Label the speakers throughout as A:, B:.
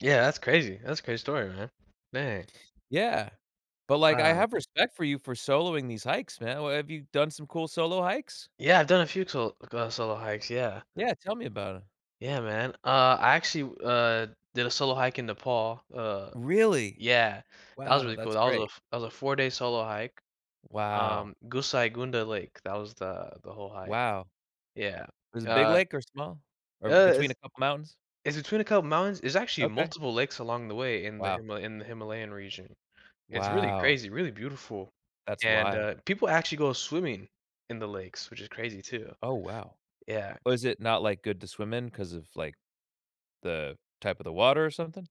A: Yeah, that's crazy. That's a great story, man. Man.
B: Yeah, but, like, I
A: Wow.
B: have respect for you for soloing these hikes, man, uh, have you done some cool solo hikes?
A: Yeah, I've done a few tol uh, solo hikes, yeah.
B: Yeah, tell me about it.
A: Yeah man, uh, I actually, w uh, did a solo hike in Nepal, uh
B: Really?
A: Yeah, that was
B: Wow,
A: really cool
B: that's
A: that was a
B: great.
A: f that was a 4 day solo hike,
B: Wow.
A: um, Gosaikunda Lake, that was the, the whole hike,
B: Wow.
A: yeah,
B: Is it big
A: uh
B: lake or small, or b
A: Uh,
B: between a
A: it's
B: couple of mountains?
A: It's between a couple of mountains. There's actually
B: Okay.
A: multiple lakes along the way in the
B: Wow.
A: Himal in the Himalayan region. It's really
B: Wow.
A: crazy, really beautiful,
B: That's
A: and,
B: wild.
A: uh, people actually go swimming in the lakes, which is crazy too.
B: Oh wow.
A: Yeah.
B: Was it not, like, good to swim in 'cause of, like, the type of the water or something.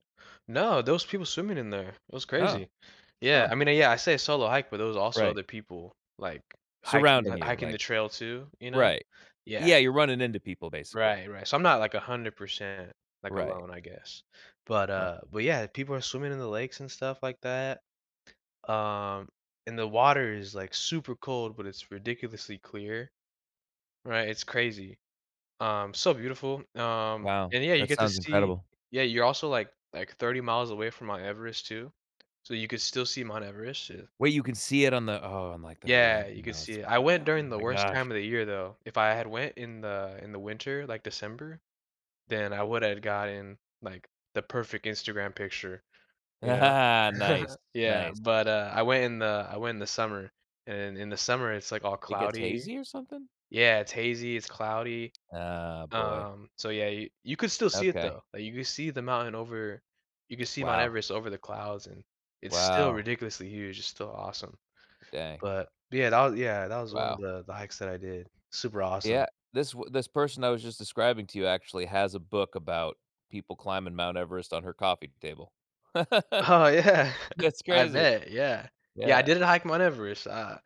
A: No, those people swimming in there. It was
B: Oh,
A: crazy. Yeah,
B: huh?
A: I mean, yeah, I say a solo hike, but there was also
B: Right.
A: other people, like, hiking tha
B: Surrounding you,
A: hiking the
B: like,
A: trail too, you know,
B: right?
A: yeah.
B: Yeah, you're running into people, basically.
A: Right, right, so, I'm not, like, 100%, like,
B: Right?
A: alone I guess, but,
B: Huh?
A: uh but yeah, people are swimming in the lakes and stuff like that. Uh, and the water is, like, super cold, but it's ridiculously clear. Right, it's crazy. Um, so beautiful, um,
B: Wow,
A: and yeah, you
B: that
A: get to
B: sounds
A: see,
B: incredible.
A: yeah, you're also, like, like, 30 miles away from Mount Everest too, so, you could still see Mount Everest, yeah.
B: Wait, you can see it on the oh, on, like, the
A: Yeah,
B: horizon,
A: you could
B: now
A: see
B: that's
A: it. I went
B: wild, oh
A: during the
B: my
A: worst
B: gosh.
A: time of the year though. If I had went in the, in the winter, like, December, then I would have gotten, like, the perfect Instagram picture, you know.
B: Nice,
A: Yeah,
B: nice.
A: but, uh, I went in the, I went in the summer and in the summer it's, like, all
B: It gets
A: cloudy.
B: hazy or something?
A: Yeah, it's hazy, it's cloudy.
B: Oh boy.
A: Um, so yeah, you, you could still see it
B: Okay.
A: though, like, you could see the mountain over you can see Mount
B: Wow.
A: Everest over the clouds and it's still
B: Wow.
A: ridiculously huge, it's still awesome.
B: Dang.
A: But yeah, that wa yeah that was one of
B: Wow.
A: the, the hikes that I did, super
B: Yeah,
A: awesome.
B: this w this person I was just describing to you actually has a book about people climbing Mount Everest on her coffee table.
A: Oh yeah,
B: That's
A: I
B: crazy,
A: bet, yeah. Yeah, I
B: yeah.
A: didn't hike Mount Everest, uh,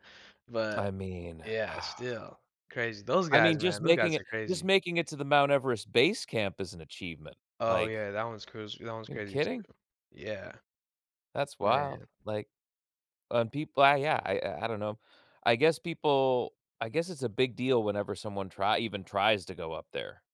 B: I
A: but
B: mean,
A: yeah,
B: uh
A: still crazy, those
B: I
A: guys,
B: mean, just
A: man, those
B: making
A: guys
B: it,
A: are
B: just
A: crazy.
B: making it to the Mount Everest base camp is an achievement,
A: Oh
B: like,
A: yeah, that one's cruz that one's
B: you
A: crazy too.
B: kidding?
A: Yeah.
B: That's wild,
A: Man.
B: like, and people uh, yeah, I I I don't know. I guess people I guess it's a big deal whenever someone trie even tries to go up there.